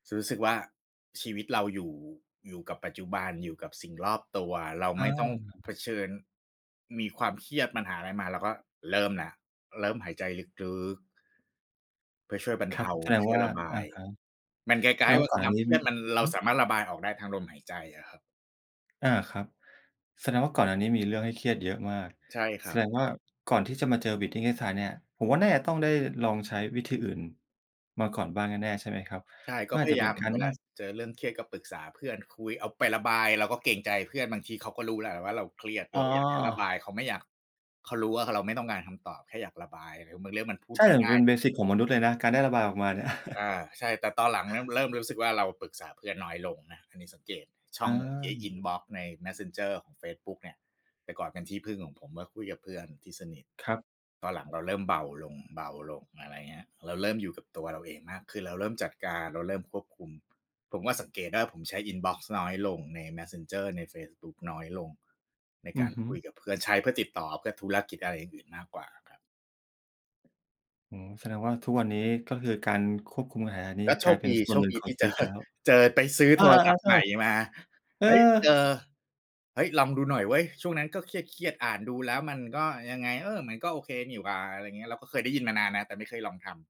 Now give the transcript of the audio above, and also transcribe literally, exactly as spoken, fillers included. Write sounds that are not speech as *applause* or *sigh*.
ซึ่งรู้สึกว่า ชีวิตเราอยู่ อยู่กับปัจจุบัน อยู่กับสิ่งรอบตัว เราอไม่ต้องเผา ชิญ มีความเครียด ปัญหาอะไรมา เราก็เริ่มแล้ว เริ่มหายใจลึก ๆ เพื่อช่วยบรรคเรทับ า แสดงช่ววย่า ระบาอะย ฮะ มันก๊แสาดย งๆ วว่่าาก่อนคหนว้าามนีเ้ครีมยิ ดมัน เรฮาึ สามารถระบายออกได้ทางลมหายใจอะครับ อา ครับ แสดงว่าก่อนหน้านี้มีเรื่องให้เครียดเยอะมาก ใช่คแรสัดบ งว่าก่อนที่จะมาเจอ Breathing Exercise เนี่ย ผมว่าน่าจะต้องได้ลองใช้วิธีอื่น มาก่อนบ้างแน่ ๆ ใช่ไหมครับ? ใช่ กม็ันอพาจยจะายเาป็นม การเวนลัา่ง ส เจอเรื่องเครียดก็ปรึกษาเพื่อน คุย เอาไประบาย เราก็เกรงใจเพื่อน บางทีเขาก็รู้แล้วแหละว่าเราเครียด เรอ้าอยากแค่ระบาอ ย เขาไม่อยาก เขารู้ว่า ค เราไม่ต้องการคำตอบ แค่อยากระบาย หรือบางเรื่องมันพูดใช่ ไมแต่่มังนจ่าะเปย ็นเบสิกของมนุษย์เลยนะ การได้ระบายออกมาเนี่ย อา *chuckles* ใช่ แต่ตอนหลังนะมันเริ่มรู้สึกว่า เราปรึกษาเพื่อนน้อยลงนะ อันนี้สังเกตช่อองเอ อา ินบอกซ์ใน Messenger ของเฟซบุ๊กเนี่ย แต่ก่อนเป็นที่พึ่งของผมมาคุยกับเพื่อนที่สนิท ครับ ตอนหลังเราเริ่มเบาลง ๆ อะไรเงี้ย เราเริ่มอยู่กับตัวเราเองมากขึ้น เราเริ่มจัดการ เราเริ่มควบคุม ผมว่าสังเกตได้ ผมใช้อินบอกซ์น้อยลงใน Messenger ในเฟซบุ๊กน้อยลง ในอกืาอรฮึ คุยกับเพื่อน ใช้เพื่อติดต่อ เพื่อธุรกิจ อะไรอย่างอื่นมากกว่าอะครับ อืม แสดงว่าทุกวันนี้ ก็คือการควบคุมอาหา นี้ ก็โชกลายคเป็ดนี ส่โชวนหคนึ่งดีขอทงี่ ชีเจวิตอ ไปแล้ว เจอ ไปซื้ออโา ทรศัพๆ ทๆ ์ใชใ่ หม่มา เออ เฮ้ย เจอ เฮ้ย ลองดูหน่อยเว้ย ช่วงนั้นก็เครียด ๆ อ่านดูแล้วมันก็ยังไง เออ มันก็โอเคนี่หว่า อะไรเงี้ย เราก็เคยได้ยินมานานนะ แต่ไม่เคยลองทำ